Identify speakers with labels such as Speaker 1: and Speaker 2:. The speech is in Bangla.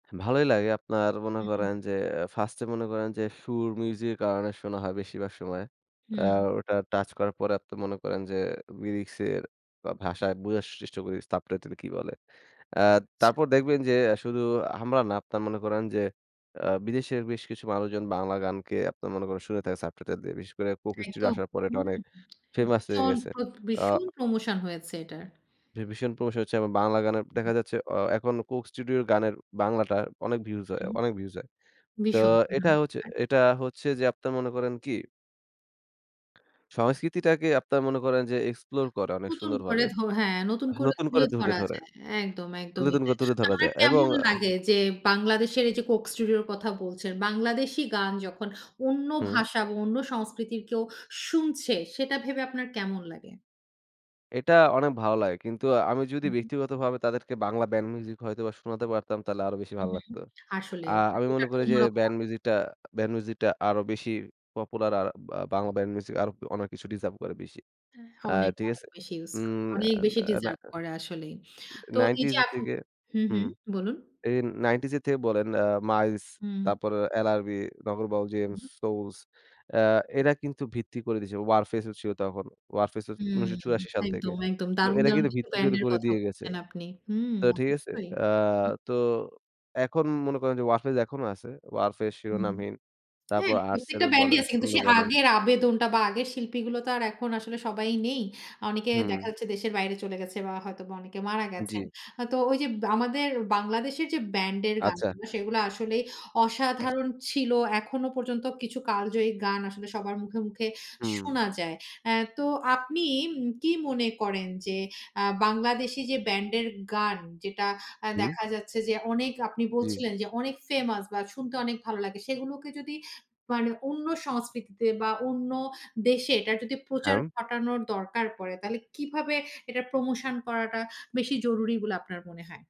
Speaker 1: ভালোই লাগে আপনারা মনে
Speaker 2: উম
Speaker 1: করেন যে ফার্স্টে মনে করেন যে সুর, মিউজিক কারণে শোনা হয় বেশিরভাগ সময়।
Speaker 2: হুম।
Speaker 1: আর ওটা টাচ করার পরে আপনারা মনে করেন যে, লিরিক্স এর বা ভাষায় বোঝার চেষ্টা করি, সাবটাইটেল কি বলে? আ
Speaker 2: আচ্ছা।
Speaker 1: তারপর দেখবেন যে আ শুধু আমরা না আপনারা মনে করেন যে, অ্যা বিদেশের বেশ কিছু মানুষজন বাংলা গানকে আপনারা মনে করেন শুনে থাকে সাবটাইটেল দিয়ে। বিশেষ করে 'Coke Studio'
Speaker 2: একদম।
Speaker 1: আসার পরে এটা
Speaker 2: হুম,
Speaker 1: অনেক ফেমাস হয়ে
Speaker 2: ভীষণ,
Speaker 1: গেছে।
Speaker 2: প্রদ
Speaker 1: আ
Speaker 2: ভীষণ প্রমোশন হয়েছে এটার।
Speaker 1: ভী ভীষণ promotion হচ্ছে। বাংলা গানের দেখা যাচ্ছে অ এখন 'Coke Studio' গানের বাংলাটা অনেক ভিউজ হয়,
Speaker 2: হুম।
Speaker 1: অনেক ভিউজ হয়। তো
Speaker 2: বিষণ,
Speaker 1: এটা
Speaker 2: হুম।
Speaker 1: হচ্ছে,
Speaker 2: [unintelligible]
Speaker 1: এটা হচ্ছে যে আপনার মনে করেন কি সংস্কৃতিটাকে আপনারা মনে করেন যে এক্সপ্লোর করে অনেক
Speaker 2: নতুন
Speaker 1: সুন্দর
Speaker 2: করে
Speaker 1: ভাবে
Speaker 2: ধ হ্যাঁ, নতুন করে
Speaker 1: নতুন করে
Speaker 2: তুলে
Speaker 1: ধরে,
Speaker 2: ধরা
Speaker 1: ধরে।
Speaker 2: যায়। একদম, একদমই তাই।
Speaker 1: [unintelligible] তুলে ধরা
Speaker 2: তারমানে
Speaker 1: যায় এবং
Speaker 2: কেমন
Speaker 1: আ
Speaker 2: লাগে? যে, বাংলাদেশের এই যে 'Coke Studio' র কথা বলছেন, বাংলাদেশী গান যখন অন্য
Speaker 1: হুম।
Speaker 2: ভাষা বা অন্য সংস্কৃতির কেউ শুনছে, সেটা ভেবে আপনার কেমন লাগে?
Speaker 1: এটা অনেক ভালো লাগে। কিন্তু আমি যদি
Speaker 2: উহু।
Speaker 1: ব্যক্তিগতভাবে তাদেরকে বাংলা ব্যান্ড মিউজিক হয়তোবা শোনাতে পারতাম, তাহলে আরো বেশি ভাল
Speaker 2: উহু,
Speaker 1: লাগতো।
Speaker 2: আসলে
Speaker 1: আ
Speaker 2: মানে
Speaker 1: আমি
Speaker 2: ওটা
Speaker 1: মনে
Speaker 2: তো
Speaker 1: করি যে
Speaker 2: অন্যরকম
Speaker 1: ব্যান্ড
Speaker 2: হবে।
Speaker 1: মিউজিকটা, ব্যান্ড মিউজিকটা আরো বেশি পপুলার আর বা বাংলা ব্যান্ড মিউজিক আরো অনেক কিছু ডিজার্ভ করে বেশি।
Speaker 2: অ্যা
Speaker 1: আ
Speaker 2: অনেক,
Speaker 1: ঠিক
Speaker 2: অনেক
Speaker 1: আছে?
Speaker 2: বেশি ইউস করে।
Speaker 1: উম অ্যা
Speaker 2: অনেক বেশি
Speaker 1: অ্যা না
Speaker 2: ডিজার্ভ করে আসলেই। তো এই যে
Speaker 1: 90's এর
Speaker 2: এখ
Speaker 1: থেকে
Speaker 2: হুম,
Speaker 1: হুম
Speaker 2: হুম। বলুন?
Speaker 1: এ 90's থেকে বলেন আ 'মাইলস'
Speaker 2: হুম।
Speaker 1: তারপর 'এলআরবি', 'নগরবউল', জেমস, 'সোলস', অ্যা এরা কিন্তু ভিত্তি করে দিয়েছে। 'Warfaze' ও ছিল তখন। 'Warfaze' ও
Speaker 2: হুম
Speaker 1: ১৯৮৪ সাল থেকে।
Speaker 2: একদম, একদম।
Speaker 1: তো
Speaker 2: দারুন,
Speaker 1: এরা
Speaker 2: দারুন
Speaker 1: কিন্তু
Speaker 2: কিছু
Speaker 1: ভিত্তি
Speaker 2: ব্র্যান্ড
Speaker 1: ধরে
Speaker 2: এর
Speaker 1: করে
Speaker 2: কথা
Speaker 1: দিয়ে গেছে।
Speaker 2: বলছেন, আপনি। হুম,
Speaker 1: তো ঠিক আছে?
Speaker 2: অবশ্যই।
Speaker 1: আ তো এখন মনে করেন যে 'Warfaze' এখনো আছে। ওরফেজ,
Speaker 2: হুম।
Speaker 1: 'Shironamhin'
Speaker 2: হ্যাঁ,
Speaker 1: তারপর
Speaker 2: প্রত্যেকটা
Speaker 1: 'আর্টসেল'
Speaker 2: ব্যান্ডই
Speaker 1: বলেন,
Speaker 2: আছে কিন্তু
Speaker 1: 'শূন্য'
Speaker 2: সে
Speaker 1: বলেন
Speaker 2: আগের আবেদনটা বা আগের শিল্পীগুলো তো আর এখন আসলে সবাই নেই। অনেকে দেখা
Speaker 1: হুম।
Speaker 2: যাচ্ছে দেশের বাইরে চলে গেছে বা হয়তোবা অনেকে মারা গেছেন।
Speaker 1: জি।
Speaker 2: হ তো ওই যে বা আমাদের বাংলাদেশের যে ব্যান্ডের গান
Speaker 1: আচ্ছা।
Speaker 2: গুলো, সেইগুলা আসলেই অসাধারণ ছিল। এখনও পর্যন্ত কিছু কালজয়ী গান আসলে সবার মুখে, মুখে
Speaker 1: হুম।
Speaker 2: শোনা যায়। অ্যা তো আপনি উম কি, কি মনে করেন? যে আ বাংলাদেশি যে ব্যান্ডের গান যেটা অ্যা
Speaker 1: উম
Speaker 2: দেখা যাচ্ছে যে অনেক আপনি
Speaker 1: জি।
Speaker 2: বলছিলেন, যে অনেক ফেমাস বা শুনতে অনেক ভালো লাগে, সেগুলোকে যদি মানে অন্য সংস্কৃতিতে বা অন্য দেশে এটার যদি প্রচার
Speaker 1: হ্যাঁউম
Speaker 2: ঘটানোর দরকার পড়ে, তাহলে কিভাবে এটা প্রমোশন করাটা বেশি জরুরি বলে আপনার মনে হয়?